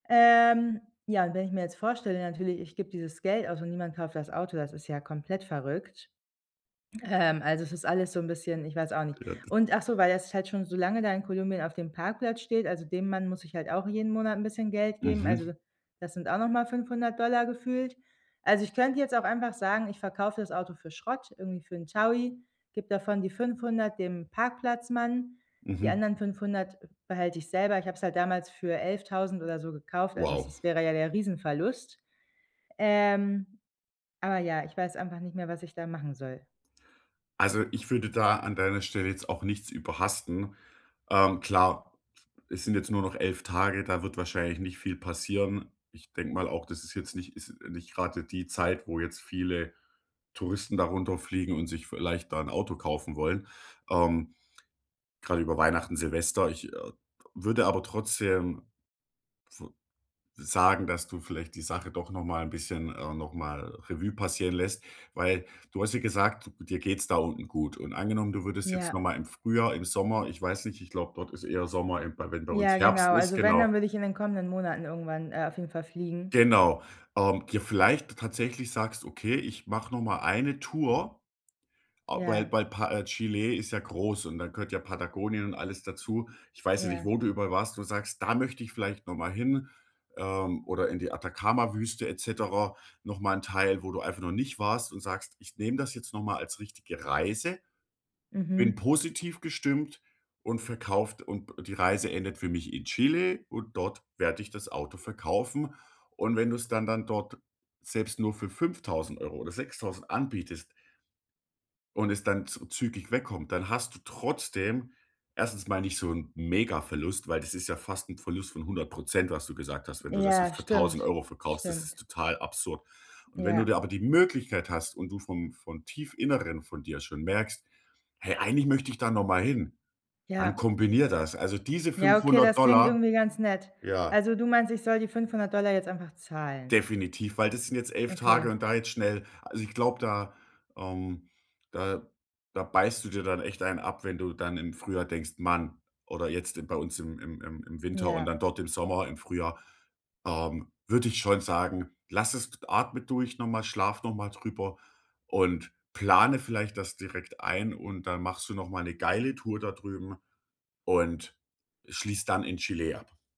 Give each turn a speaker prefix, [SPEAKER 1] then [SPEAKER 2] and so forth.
[SPEAKER 1] Ähm, ja, und wenn ich mir jetzt vorstelle natürlich, ich gebe dieses Geld aus und niemand kauft das Auto, das ist ja komplett verrückt. Ähm, also, es ist alles so 'n bisschen ich weiß auch nicht.
[SPEAKER 2] Ja, d
[SPEAKER 1] Und ach so, weil das halt schon so lange da in Kolumbien auf dem Parkplatz steht, also, dem Mann muss ich halt auch jeden Monat 'n bisschen Geld geben,
[SPEAKER 2] Mhm.
[SPEAKER 1] also, das sind auch noch mal 500 Dollar gefühlt. Also, ich könnte jetzt auch einfach sagen: „Ich verkaufe das Auto für Schrott, irgendwie für 'n 1.000er gebe davon die 500 dem Parkplatzmann, die
[SPEAKER 2] Mhm.
[SPEAKER 1] anderen 500 behalte ich selber.“ Ich habe es halt damals für 11.000 oder so gekauft, also, es
[SPEAKER 2] Wow.
[SPEAKER 1] es wäre ja der riesen Verlust. Ähm, aber ja, ich weiß einfach nicht mehr, was ich da machen soll.
[SPEAKER 2] Also, ich würde da an deiner Stelle jetzt auch nichts überhasten. Ähm, klar, es sind jetzt nur noch 11 Tage, da wird wahrscheinlich nicht viel passieren. Ich denke mal auch, das ist jetzt nicht ist nicht grade die Zeit, wo jetzt viele Touristen da runter fliegen und sich vielleicht da 'n Auto kaufen wollen, ähm, grade über Weihnachten, Silvester. Ich, äh, w würde aber trotzdem v sagen, dass du vielleicht die Sache doch noch mal 'n bisschen, äh noch mal Revue passieren lässt, weil du hast ja gesagt, du dir geht's da unten gut. Und angenommen, du würdest jetzt noch
[SPEAKER 1] Ja.
[SPEAKER 2] mal im Frühjahr, im Sommer, ich weiß nicht, ich glaube, dort ist eher Sommer, eben bei wenn bei uns
[SPEAKER 1] Ja,
[SPEAKER 2] Herbst
[SPEAKER 1] genau.
[SPEAKER 2] ist,
[SPEAKER 1] Also wenn,
[SPEAKER 2] genau.
[SPEAKER 1] dann würde ich in den kommenden Monaten irgendwann, äh, auf jeden Fall fliegen.
[SPEAKER 2] Genau, ähm, ge vielleicht tatsächlich sagst: „Okay, ich mache noch mal eine Tour,“ äh, weil
[SPEAKER 1] Ja.
[SPEAKER 2] bei Pa äh, Chile ist ja groß und da gehört ja Patagonien und alles dazu. Ich weiß ja nicht,
[SPEAKER 1] Ja.
[SPEAKER 2] wo du überall warst und sagst: „Da möchte ich vielleicht noch mal hin, ähm, oder in die Atacama-Wüste et cetera.“ Noch mal 'n Teil, wo du einfach noch nicht warst und sagst: „Ich nehme das jetzt noch mal als richtige Reise, bin
[SPEAKER 1] Mhm.
[SPEAKER 2] positiv gestimmt und verkauft und die Reise endet für mich in Chile und dort werde ich das Auto verkaufen.“ Und wenn du es dann dann dort selbst nur für 5.000 € oder 6.000 anbietest und es dann zü zügig weg kommt, dann hast du trotzdem 1. mal nicht so 'n mega Verlust, weil das ist ja fast 'n Verlust von 100 % was du gesagt hast. Wenn du das
[SPEAKER 1] Ja,
[SPEAKER 2] jetzt für tausend
[SPEAKER 1] stimmt,
[SPEAKER 2] Euro verkaufst, das
[SPEAKER 1] stimmt.
[SPEAKER 2] ist total absurd. Und wenn du da
[SPEAKER 1] Ja.
[SPEAKER 2] aber die Möglichkeit hast und du vom von tief Inneren von dir schon merkst: „Hey, eigentlich möchte ich da noch mal hin“, dann
[SPEAKER 1] Ja.
[SPEAKER 2] kombiniere das. Also diese
[SPEAKER 1] Ja, okay,
[SPEAKER 2] 500 $
[SPEAKER 1] das klingt
[SPEAKER 2] Dollar
[SPEAKER 1] irgendwie ganz nett.
[SPEAKER 2] ja.
[SPEAKER 1] Also, du meinst, ich soll die 500 Dollar jetzt einfach zahlen?
[SPEAKER 2] Definitiv, weil das sind jetzt 11 Tage
[SPEAKER 1] Okay.
[SPEAKER 2] und da jetzt schnell also, ich glaube, da ähm da da beißt du dir dann echt einen ab, wenn du dann im Frühjahr denkst: „Mann!“ Oder jetzt, äh, bei uns im im im im Winter und
[SPEAKER 1] Ja.
[SPEAKER 2] dann dort im Sommer, im Frühjahr, ähm, würde ich schon sagen, lass es atme durch noch mal, schlaf noch mal drüber und plane vielleicht das direkt ein. Und dann machst du noch mal 'ne geile Tour da drüben und schließt dann in Chile ab.